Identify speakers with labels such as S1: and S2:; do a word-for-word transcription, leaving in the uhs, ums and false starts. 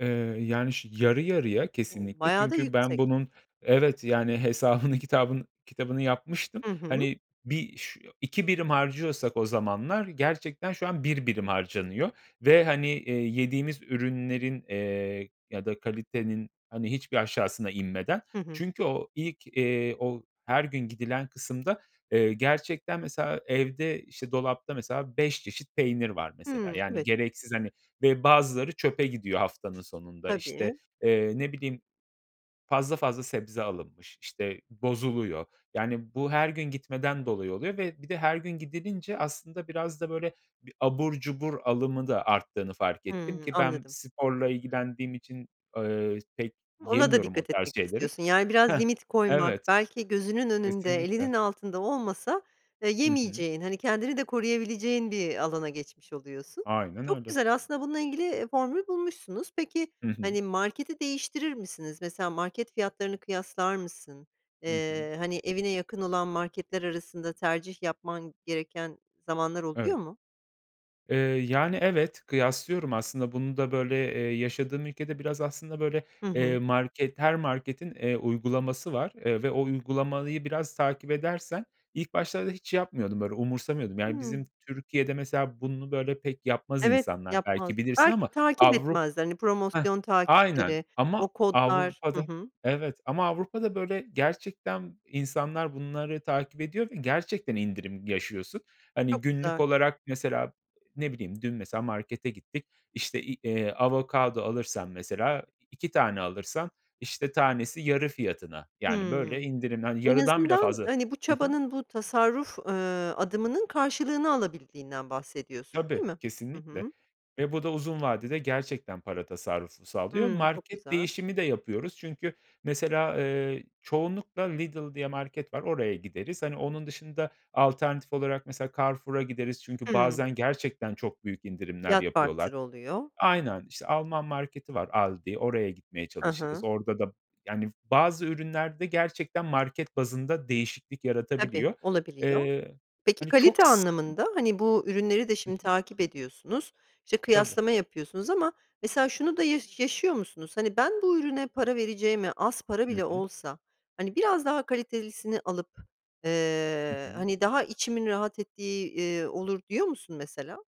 S1: Eee, yani, şi yarı yarıya
S2: O!
S1: kesinlikle.
S2: Bayağı da
S1: Çünkü ben
S2: yüksek.
S1: bunun Evet, yani, hesabını kitabın kitabını yapmıştım.
S2: Hı hı.
S1: Hani, bir ş iki birim harcıyorsak o zamanlar gerçekten şu an bir birim harcanıyor ve, hani, eee, yediğimiz ürünlerin, eee, ya da kalitenin, hani, hiçbir aşağısına inmeden.
S2: Hı hı.
S1: Çünkü o ilk, eee, o her gün gidilen kısımda, eee, gerçekten mesela evde, işte, dolapta mesela beş çeşit peynir var mesela,
S2: Hımm,
S1: yani,
S2: evet.
S1: gereksiz, hani, ve bazıları çöpe gidiyor haftanın sonunda. İşte,
S2: Tabii.
S1: eee, ne bileyim, fazl fazla sebze alınmış, işte, bozuluyor. Yani, bu her gün gitmeden dolayı oluyor ve bir de her gün gidilince aslında biraz da, böyle, bir abur cubur alımı da arttığını fark ettim
S2: Hımm,
S1: ki ben
S2: anladım.
S1: sporla ilgilendiğim için, eee, pek
S2: Ona da
S1: yemiyorum o
S2: dikkat etmek
S1: tarz şeyleri.
S2: istiyorsun. Yani biraz
S1: Heh.
S2: limit koymak,
S1: Evet.
S2: belki gözünün önünde, elinin
S1: Kesinlikle.
S2: altında olmasa, eee,
S1: Hı hı.
S2: yemeyeceğin, hani, kendini de koruyabileceğin bir alana geçmiş oluyorsun.
S1: Aynen
S2: Çok
S1: öyle.
S2: güzel, aslında bununla ilgili, eee, formül bulmuşsunuz. Peki,
S1: Hı hı.
S2: hani, marketi değiştirir misiniz? Mesela market fiyatlarını kıyaslar mısın?
S1: Hı hı.
S2: Eee, hani, evine yakın olan marketler arasında tercih yapman gereken zamanlar oluyor
S1: Evet.
S2: mu?
S1: Eee, yani, evet. Kıyaslıyorum aslında bunu da, böyle, eee, yaşadığım ülkede biraz aslında, böyle,
S2: Hı
S1: eee,
S2: hı.
S1: market her marketin, eee, uygulaması var, eee, ve o uygulamayı biraz takip edersen ilk başlarda hiç yapmıyordum, böyle, umursamıyordum. Yani, bizim
S2: Hımm.
S1: Türkiye'de mesela bunu böyle pek yapmaz
S2: Evet,
S1: insanlar
S2: yapmaz.
S1: belki bilirsin
S2: Belki
S1: ama
S2: takip
S1: Avru
S2: etmezler, hani,
S1: Heh.
S2: promosyon
S1: Aynen
S2: takipleri,
S1: ama
S2: o kodlar Hı
S1: Avrupa'da
S2: hı.
S1: Evet ama Avrupa'da, böyle, gerçekten insanlar bunları takip ediyor ve gerçekten indirim yaşıyorsun. Hani,
S2: Çok
S1: günlük
S2: güzel.
S1: olarak mesela, ne bileyim, dün mesela markete gittik, işte, i eee, avokado alırsan mesela i iki tane alırsan, işte, tanesi yarı fiyatına. Yani böyle
S2: Hımm.
S1: indirimli
S2: En
S1: Yarıdan bile
S2: azından,
S1: fazla.
S2: hani, bu
S1: Hı hı.
S2: çabanın, bu tasarruf, eee, adımının karşılığını alabildiğinden bahsediyorsun, değil
S1: Tabii,
S2: mi? Hı
S1: kesinlikle
S2: hı.
S1: ve bu da uzun vadede gerçekten para tasarrufu sağlıyor.
S2: Hımm. Çok
S1: Market
S2: güzel.
S1: değişimi de yapıyoruz çünkü mesela, eee, çoğunlukla Lidl diye market var, oraya gideriz. Hani, onun dışında alternatif olarak mesela Carrefour'a gideriz çünkü
S2: Hımm.
S1: bazen gerçekten çok büyük indirimler
S2: Fiyat
S1: yapıyorlar.
S2: farkları oluyor.
S1: Aynen, işte, Alman marketi var Aldi oraya gitmeye
S2: Hı
S1: çalışırız.
S2: hı.
S1: Orada da Yani bazı ürünlerde gerçekten market bazında değişiklik
S2: Tabii,
S1: yaratabiliyor.
S2: olabiliyor.
S1: Eee,
S2: Peki
S1: hani, çok
S2: kalite
S1: sık
S2: anlamında, hani, bu ürünleri de şimdi takip ediyorsunuz, işte,
S1: Tabii.
S2: kıyaslama yapıyorsunuz ama mesela şunu da yaşı yaşıyor musunuz? Hani, "Ben bu ürüne para vereceğime az para
S1: Hı
S2: bile
S1: hı.
S2: olsa, hani, biraz daha kalitelisini alıp,
S1: Hı
S2: eee,
S1: hı.
S2: hani, daha içimin rahat ettiği, iii, olur," diyor musun mesela?